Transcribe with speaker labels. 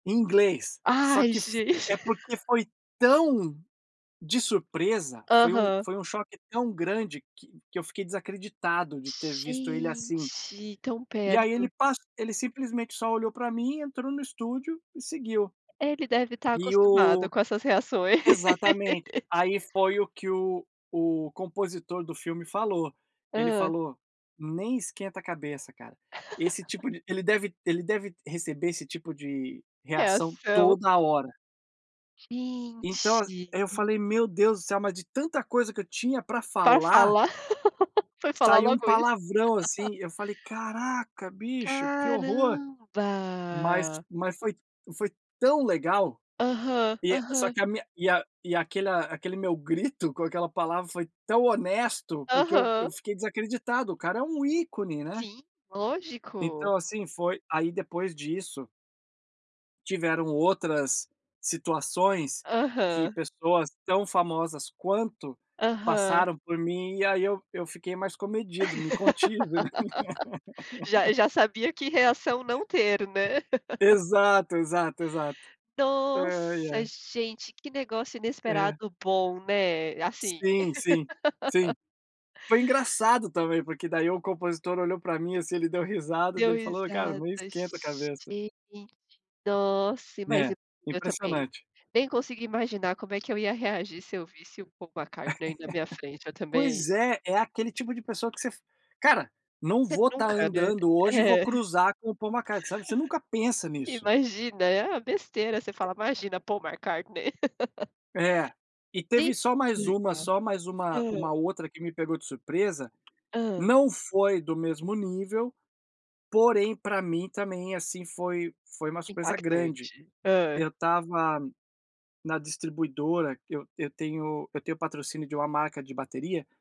Speaker 1: Inglês, só
Speaker 2: Ai,
Speaker 1: que f é
Speaker 2: gente.
Speaker 1: porque foi tão de surpresa, foi um
Speaker 2: Aham.
Speaker 1: foi um choque tão grande que que eu fiquei desacreditado de ter visto ele assim.
Speaker 2: Gente! Tão
Speaker 1: E aí ele
Speaker 2: perto.
Speaker 1: pas ele simplesmente só olhou para mim, entrou no estúdio e seguiu.
Speaker 2: Ele deve estar
Speaker 1: E
Speaker 2: acostumado
Speaker 1: o
Speaker 2: com essas reações.
Speaker 1: exatamente. Aí foi o que o o compositor do filme falou, ele
Speaker 2: Hã.
Speaker 1: falou: "Nem esquenta a cabeça cara, esse tipo de ele deve ele deve receber esse tipo de reação
Speaker 2: Reação.
Speaker 1: toda hora". Então as
Speaker 2: Gente!
Speaker 1: aí eu falei: "Meu Deus do céu, mas de tanta coisa que eu tinha para
Speaker 2: Pra
Speaker 1: falar"
Speaker 2: falar. Foi falar
Speaker 1: "saiu um
Speaker 2: logo isso.
Speaker 1: palavrão, assim". Eu falei: "Caraca bicho, que horror". Mas
Speaker 2: Caramba.
Speaker 1: mas foi foi tão legal
Speaker 2: Aham,
Speaker 1: e é só
Speaker 2: aham.
Speaker 1: que a minha e a e aquela aquele meu grito com aquela palavra foi tão honesto, porque eu eu
Speaker 2: Aham.
Speaker 1: fiquei desacreditado, o cara é um ícone, né.
Speaker 2: Sim, lógico!
Speaker 1: Então, assim, foi aí depois disso tiveram outras situações que
Speaker 2: Aham.
Speaker 1: pessoas tão famosas quanto,
Speaker 2: Aham.
Speaker 1: passaram por mim e aí eu eu fiquei mais comedido, me contive, né.
Speaker 2: Já já sabia que reação não ter, né.
Speaker 1: Exato, exato, exato. Ai,
Speaker 2: Nossa,
Speaker 1: é.
Speaker 2: gente, que negócio
Speaker 1: É.
Speaker 2: inesperado bom, né, assim.
Speaker 1: Sim, sim, sim. Foi engraçado também, porque daí o compositor olhou para mim, assim, ele deu risada, daí
Speaker 2: Deu
Speaker 1: ele falou: "Ô cara,
Speaker 2: risada,
Speaker 1: não esquenta a cabeça".
Speaker 2: gente! Nossa! Mas
Speaker 1: É,
Speaker 2: e eu também
Speaker 1: impressionante.
Speaker 2: nem consigo imaginar como é que eu ia reagir se eu visse o Paul McCartney na minha frente, eu também
Speaker 1: Pois é, é aquele tipo de pessoa que você f "Cara, não
Speaker 2: Você
Speaker 1: vou estar
Speaker 2: nunca, né.
Speaker 1: andando hoje e vou
Speaker 2: É.
Speaker 1: cruzar com o Paul McCartney", sabe, você nunca pensa nisso.
Speaker 2: Imagina, é: "Ah, besteira", você fala: "Imagina, Paul McCartney".
Speaker 1: É. E
Speaker 2: De
Speaker 1: teve só mais uma
Speaker 2: legal.
Speaker 1: só mais uma
Speaker 2: Hã.
Speaker 1: uma outra que me pegou de surpresa,
Speaker 2: Hã.
Speaker 1: não foi do mesmo nível, porém para mim também, assim, foi foi uma surpresa grande.
Speaker 2: Impactante. Hã.
Speaker 1: Eu estava na distribuidora, eu eu tenho eu tenho patrocínio de uma marca de bateria